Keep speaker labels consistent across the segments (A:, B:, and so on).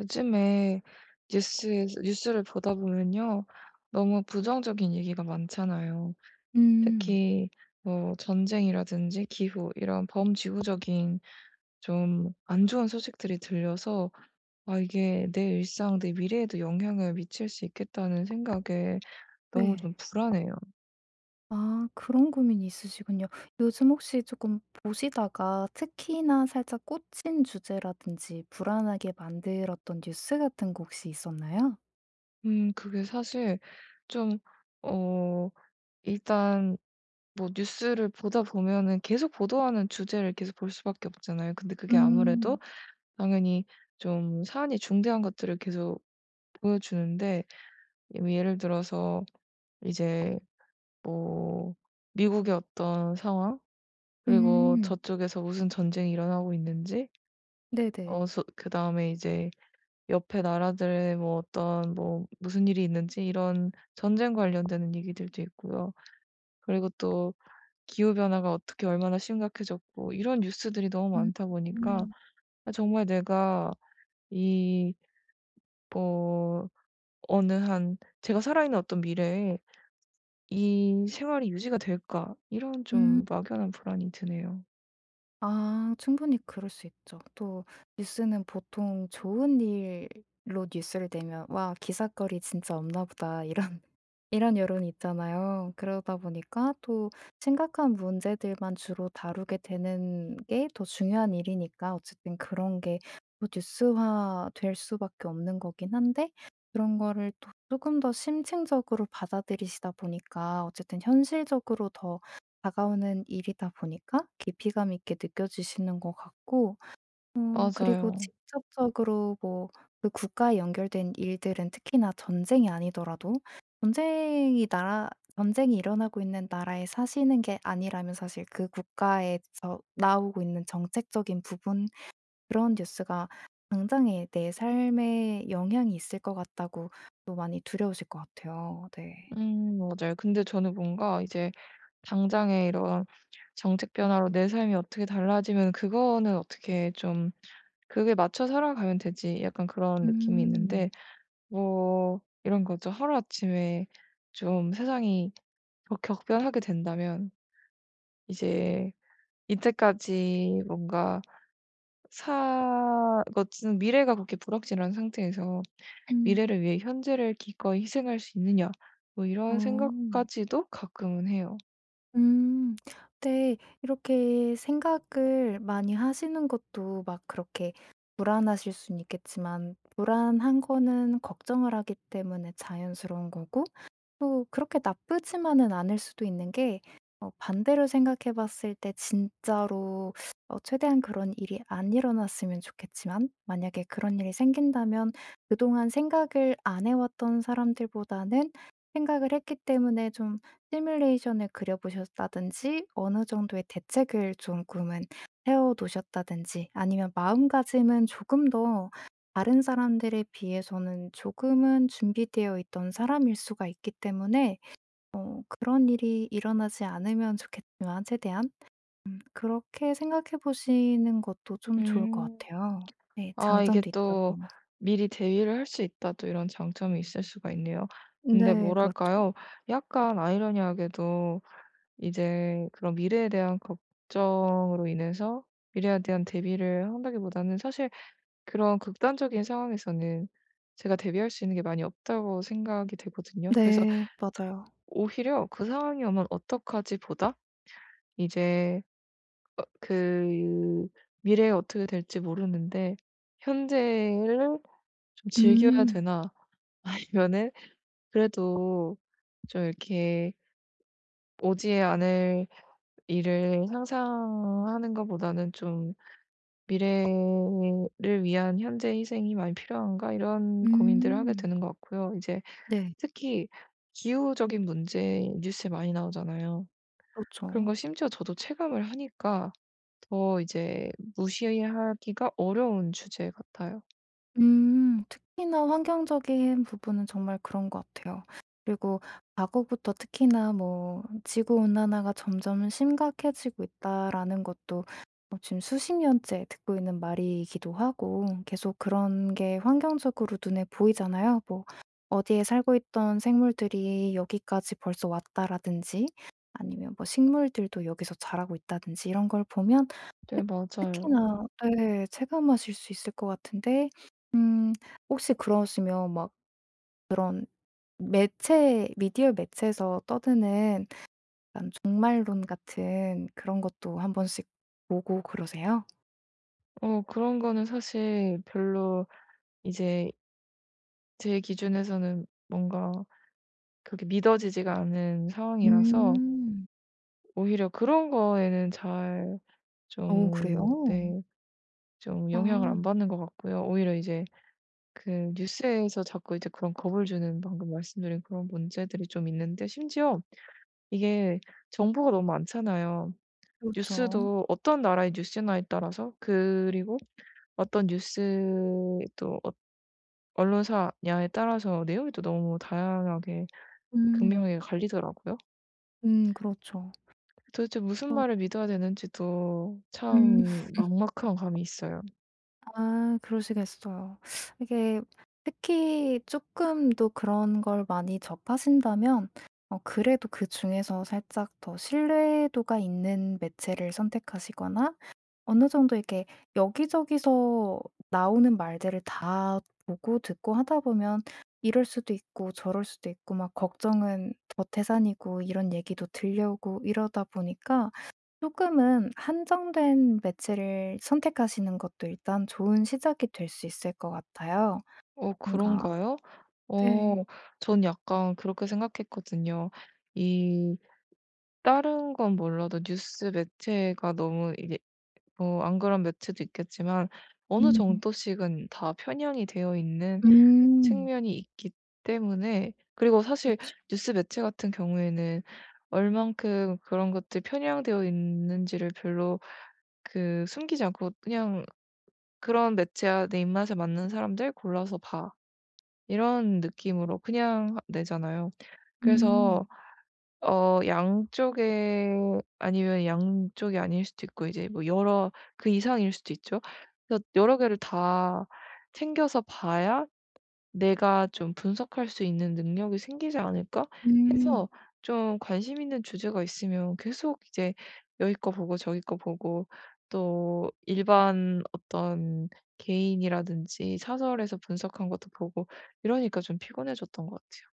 A: 요즘에 뉴스에서 뉴스를 보다 보면요. 너무 부정적인 얘기가 많잖아요.
B: 음.
A: 특히 뭐 전쟁이라든지 기후 이런 범지구적인 좀 안 좋은 소식들이 들려서 '아 이게 내 일상 내 미래에도 영향을 미칠 수 있겠다.'는 생각에 너무
B: 네.
A: 좀 불안해요.
B: 아 그런 고민이 있으시군요. 요즘 혹시 쪼끔 보시다가 특히나 살짝 꽂힌 주제라든지 불안하게 만들었던 뉴스 같은 거 혹시 있었나요?
A: 음 그게 사실 좀 어 일단 뭐 뉴스를 보다 보면은 계속 보도하는 주제를 계속 볼 수밖에 없잖아요. 근데 그게 아무래도
B: 음.
A: 당연히 좀 사안이 중대한 것들을 계속 보여주는데 예를 들어서 이제 뭐 미국의 어떤 상황 그리고
B: 음.
A: 저쪽에서 무슨 전쟁이 일어나고 있는지
B: 네네.
A: 어 솟 그다음에 이제 옆에 나라들의 뭐 어떤 뭐 무슨 일이 있는지 이런 전쟁 관련되는 얘기들도 있고요. 그리고 또 기후 변화가 어떻게 얼마나 심각해졌고 이런 뉴스들이 너무 많다 보니까
B: 음.
A: 아 정말 내가 이 뭐 어느 한 '제가 살아 있는 어떤 미래에 이 생활이 유지가 될까?' 이런
B: 음.
A: 좀 막연한 불안이 드네요.
B: 아 충분히 그럴 수 있죠. 또 뉴스는 보통 좋은 일로 뉴스를 내면 '와 기삿거리 진짜 없나 보다.' 이런 이런 여론이 있잖아요. 그러다 보니까 또 심각한 문제들만 주로 다루게 되는 게 더 중요한 일이니까 어쨌든 그런 게 뭐 뉴스화 될 수 밖에 없는 거긴 한데 그런 거를 또 쪼끔 더 심층적으로 받아들이시다 보니까 어쨌든 현실적으로 더 다가오는 일이다 보니까 깊이감 있게 느껴지시는 것 같고 어 그리고
A: 맞아요.
B: 직접적으로 뭐 그 국가에 연결된 일들은 특히나 전쟁이 아니더라도 전쟁이 나라 전쟁이 일어나고 있는 나라에 사시는 게 아니라면 사실 그 '국가에서 나오고 있는 정책적인 부분 그런 뉴스가 당장에 내 삶에 영향이 있을 것 같다.'고 또 많이 두려우실 것 같아요. 네.
A: 음 맞아요. 근데 저는 뭔가 이제 당장에 이런 정책 변화로 내 삶이 어떻게 달라지면 그거는 어떻게 좀 그게 '맞춰 살아가면 되지.' 약간 그런 느낌이
B: 음.
A: 있는데 뭐 이런 거죠. 하루아침에 좀 세상이 격 격변하게 된다면 이제 이때까지 뭔가 사 그 어쨌든 '미래가 그렇게 불확실한 상태에서
B: 음.
A: 미래를 위해 현재를 기꺼이 희생할 수 있느냐?' 뭐 이런
B: 어.
A: 생각까지도 가끔은 해요.
B: 음. 근데 이렇게 생각을 많이 하시는 것도 막 그렇게 불안하실 수는 있겠지만 불안한 거는 걱정을 하기 때문에 자연스러운 거고 또 그렇게 나쁘지만은 않을 수도 있는 게 어 반대로 생각해 봤을 때 진짜로 어 최대한 그런 일이 안 일어났으면 좋겠지만 만약에 그런 일이 생긴다면 그동안 생각을 안 해 왔던 사람들보다는 생각을 했기 때문에 좀 시뮬레이션을 그려 보셨다든지 어느 정도의 대책을 조금은 해 어 놓으셨다든지 아니면 마음가짐은 조금 더 다른 사람들에 비해서는 조금은 준비되어 있던 사람일 수가 있기 때문에 어 그런 일이 일어나지 않으면 좋겠지만 최대한 음 그렇게 생각해 보시는 것도 좀 좋을 것
A: 음.
B: 같아요. 네
A: 아 이게
B: 장점도 있다
A: 또
B: 보니.
A: '미리 대비를 할 수 있다.' 또 이런 장점이 있을 수가 있네요. 근데
B: 네 그렇죠.
A: 뭐랄까요? 약간 아이러니하게도 이제 그런 '미래에 대한 걱정으로 인해서 미래에 대한 대비를 한다.'기보다는 사실 그런 극단적인 상황에서는 제가 '대비할 수 있는 게 많이 없다.'고 생각이 되거든요. 그래서
B: 네 맞아요.
A: 오히려 '그 상황이 오면 어떡하지?' 보다 이제 어 그 '미래에 어떻게 될지 모르는데 현재를 좀 즐겨야
B: 음.
A: 되나?' 아니면은 그래도 좀 이렇게 '오지 않을 일을 상상하는 거보다는 좀 미래를 위한 현재 희생이 많이 필요한가?' 이런 고민들을 하게
B: 음.
A: 되는 것 같고요. 이제
B: 네.
A: 특히 기후적인 문제 뉴스에 많이 나오잖아요. 그런
B: 그렇죠.
A: 거 심지어 저도 체감을 하니까 더 이제 무시하기가 어려운 주제 같아요.
B: 음 특히나 환경적인 부분은 정말 그런 것 같아요. 그리고 과거부터 특히나 뭐 '지구 온난화가 점점 심각해지고 있다.'라는 것도 어 지금 수십 년째 듣고 있는 말이기도 하고 계속 그런 게 환경적으로 눈에 보이잖아요. 뭐 '어디에 살고 있던 생물들이 여기까지 벌써 왔다.'라든지 아니면 뭐 '식물들도 여기서 자라고 있다.'든지 이런 걸 보면
A: 네
B: 특
A: 맞아요.
B: 특히나 예, 체감하실 수 있을 것 같은데 음 혹시 그러시면 막 그런 매체 미디어 매체에서 떠드는 약간 종말론 같은 그런 것도 1 번씩 보고 그러세요?
A: 어 그런 거는 사실 별로 이제 제 기준에서는 뭔가 그렇게 믿어지지가 않는 상황이라서
B: 음.
A: 오히려 그런 거에는 잘
B: 어
A: 좀
B: 그래요?
A: 네, 좀 영향을 안
B: 아.
A: 받는 것 같고요. 오히려 이제 그 뉴스에서 자꾸 이제 그런 겁을 주는 방금 말씀드린 그런 문제들이 좀 있는데 심지어 이게 정보가 너무 많잖아요.
B: 그렇죠.
A: 뉴스도 어떤 나라의 뉴스냐에 따라서 그리고 어떤 뉴스도 어 언론사냐에 따라서 내용이 또 너무 다양하게
B: 음.
A: 극명하게 갈리더라고요.
B: 음 그렇죠.
A: 도대체 무슨
B: 음.
A: 말을 믿어야 되는지도
B: 음.
A: 참 막막한 감이 있어요.
B: 아 그러시겠어요. 이게 특히 쪼끔도 그런 걸 많이 접하신다면 어 그래도 그중에서 살짝 더 신뢰도가 있는 매체를 선택하시거나 어느 정도 이렇게 여기저기서 나오는 말들을 다 보고 듣고 하다 보면 이럴 수도 있고 저럴 수도 있고 막 걱정은 더 태산이고 이런 얘기도 들려오고 이러다 보니까 쪼끔은 한정된 매체를 선택하시는 것도 일단 좋은 시작이 될 수 있을 것 같아요.
A: 어
B: 뭔가
A: 그런가요? 어
B: 네.
A: 저는 약간 그렇게 생각했거든요. 이 다른 건 몰라도 뉴스 매체가 너무 이게 뭐 안 그런 매체도 있겠지만 어느
B: 음.
A: 정도씩은 다 편향이 되어 있는
B: 음.
A: 측면이 있기 때문에 그리고 사실
B: 그쵸.
A: 뉴스 매체 같은 경우에는 얼마큼 그런 것들이 편향되어 있는지를 별로 그 숨기지 않고 그냥 그런 매체와 "내 입맛에 맞는 사람들 골라서 봐." 이런 느낌으로 그냥 내잖아요. 그래서
B: 음.
A: 어 양쪽에 아니면 양쪽이 아닐 수도 있고 이제 뭐 여러 그 이상일 수도 있죠. 그래서 여러 개를 다 챙겨서 봐야 '내가 좀 분석할 수 있는 능력이 생기지 않을까?'
B: 음.
A: 해서 좀 관심 있는 주제가 있으면 계속 이제 여기 거 보고 저기 거 보고 또 일반 어떤 개인이라든지 사설에서 분석한 것도 보고 이러니까 좀 피곤해졌던 거 같아요.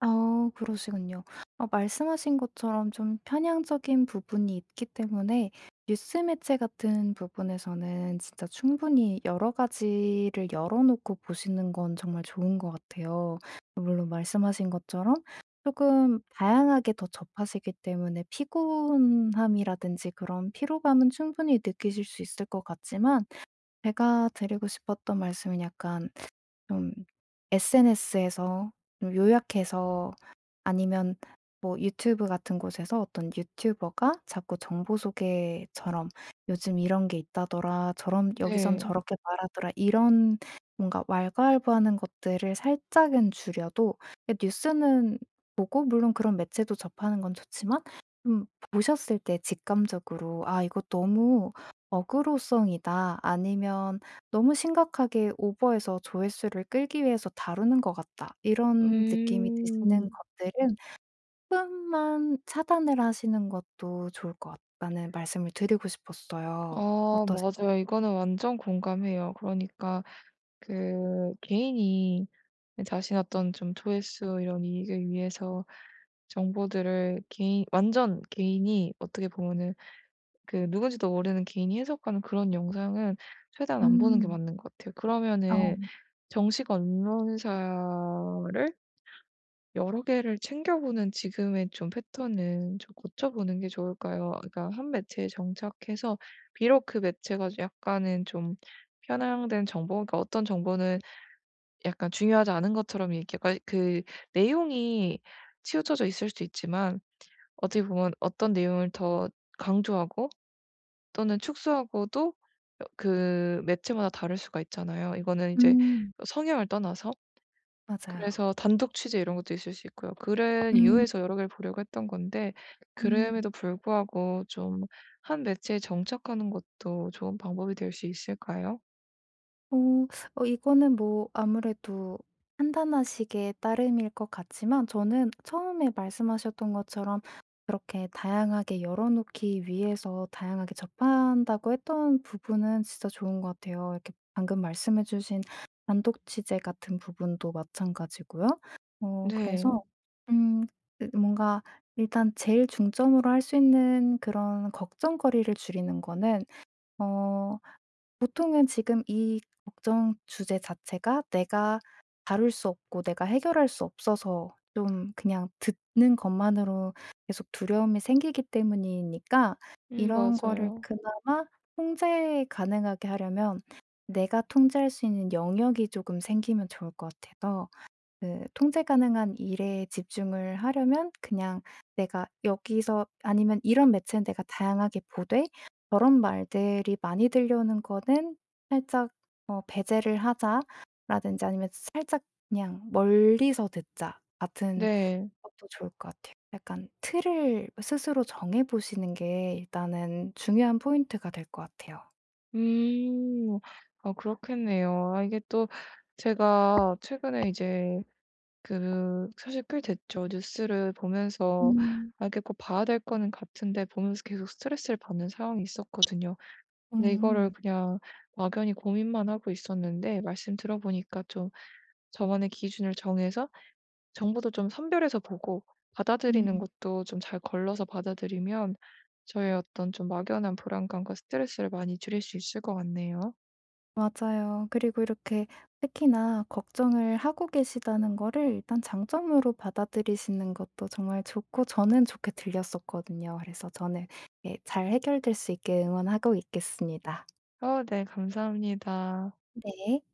B: 아 그러시군요. 아 말씀하신 것처럼 좀 편향적인 부분이 있기 때문에 뉴스 매체 같은 부분에서는 진짜 충분히 여러 가지를 열어 놓고 보시는 건 정말 좋은 것 같아요. 물론 말씀하신 것처럼 쪼금 다양하게 더 접하시기 때문에 피곤함이라든지 그런 피로감은 충분히 느끼실 수 있을 것 같지만 제가 드리고 싶었던 말씀은 약간 좀 SNS에서 어 요약해서 아니면 뭐 유튜브 같은 곳에서 어떤 유튜버가 자꾸 정보 소개처럼 '요즘 이런 게 있다더라, 저런 여기선
A: 네.
B: 저렇게 말하더라.' 이런 뭔가 왈가왈부하는 것들을 살짝은 줄여도 그 뉴스는 뭐 꼭 물론 그런 매체도 접하는 건 좋지만 음 보셨을 때 직감적으로 '아 이거 너무 어그로성이다.' 아니면 '너무 심각하게 오버해서 조회수를 끌기 위해서 다루는 것 같다.' 이런 느낌이 드시는
A: 음.
B: 것들은 쪼끔만 차단을 하시는 것도 좋을 것 같다는 말씀을 드리고 싶었어요.
A: 아
B: 어떠세요?
A: 맞아요. 이거는 완전 공감해요. 그러니까 그 개인이 그 자신의 어떤 좀 조회수 이런 이익을 위해서 정보들을 개인 완전 개인이 어떻게 보면은 그 누군지도 모르는 개인이 해석하는 그런 영상은 최대한 안 보는 게
B: 음.
A: 맞는 것 같아요. 그러면은
B: 어.
A: 정식 언론사를 여러 개를 챙겨보는 지금의 좀 패턴은 좀 고쳐보는 게 좋을까요? 그러니까 1 매체에 정착해서 비록 그 매체가 좀 약간은 좀 편향된 정보가 어떤 정보는 약간 중요하지 않은 것처럼 이렇게 거의 그 내용이 치우쳐져 있을 수 있지만 어떻게 보면 어떤 내용을 더 강조하고 또는 축소하고도 어 그 매체마다 다를 수가 있잖아요. 이거는 이제
B: 음.
A: 성향을 떠나서
B: 맞아요.
A: 그래서 단독 취재 이런 것도 있을 수 있고요. 그런
B: 음.
A: 이유에서 여러 개를 보려고 했던 건데
B: 음.
A: 그럼에도 불구하고 좀 한 매체에 정착하는 것도 좋은 방법이 될 수 있을까요?
B: 어. 어 이거는 뭐 아무래도 판단하시기에 따름일 것 같지만 저는 처음에 말씀하셨던 것처럼 그렇게 다양하게 열어 놓기 위해서 다양하게 접한다고 했던 부분은 진짜 좋은 것 같아요. 이렇게 방금 말씀해 주신 단독 취재 같은 부분도 마찬가지고요. 어 그래서
A: 네.
B: 음 그 뭔가 일단 제일 중점으로 할 수 있는 그런 걱정거리를 줄이는 거는 어 보통은 지금 이 걱정 주제 자체가 내가 다룰 수 없고 내가 해결할 수 없어서 좀 그냥 듣는 것만으로 계속 두려움이 생기기 때문이니까
A: 음
B: 이런 거를
A: 맞아요.
B: 그나마 통제 가능하게 하려면 내가 통제할 수 있는 영역이 쪼금 생기면 좋을 것 같아서 그 통제 가능한 일에 집중을 하려면 그냥 내가 여기서 아니면 이런 매체는 '내가 다양하게 보되 저런 말들이 많이 들려오는 거는 살짝 뭐 배제를 하자.'라든지 아니면 살짝 '그냥 멀리서 듣자.' 같은
A: 네.
B: 것도 좋을 것 같아요. 약간 틀을 스스로 정해 보시는 게 일단은 중요한 포인트가 될 것 같아요.
A: 음. 아 그렇겠네요. 아 이게 또 제가 최근에 이제 그 사실 꽤 됐죠. 뉴스를 보면서
B: 음.
A: 아 이게 꼭 봐야 될 거는 같은데 보면서 계속 스트레스를 받는 상황이 있었거든요. 근데 이거를
B: 음음.
A: 그냥 막연히 고민만 하고 있었는데 말씀 들어 보니까 좀 저만의 기준을 정해서 정보도 좀 선별해서 보고 받아들이는
B: 음.
A: 것도 좀 잘 걸러서 받아들이면 저의 어떤 좀 막연한 불안감과 스트레스를 많이 줄일 수 있을 것 같네요.
B: 맞아요. 그리고 이렇게 특히나 걱정을 하고 계시다는 거를 일단 장점으로 받아들이시는 것도 정말 좋고 저는 좋게 들렸었거든요. 그래서 저는 예 잘 해결될 수 있게 응원하고 있겠습니다.
A: 어 네 감사합니다.
B: 네.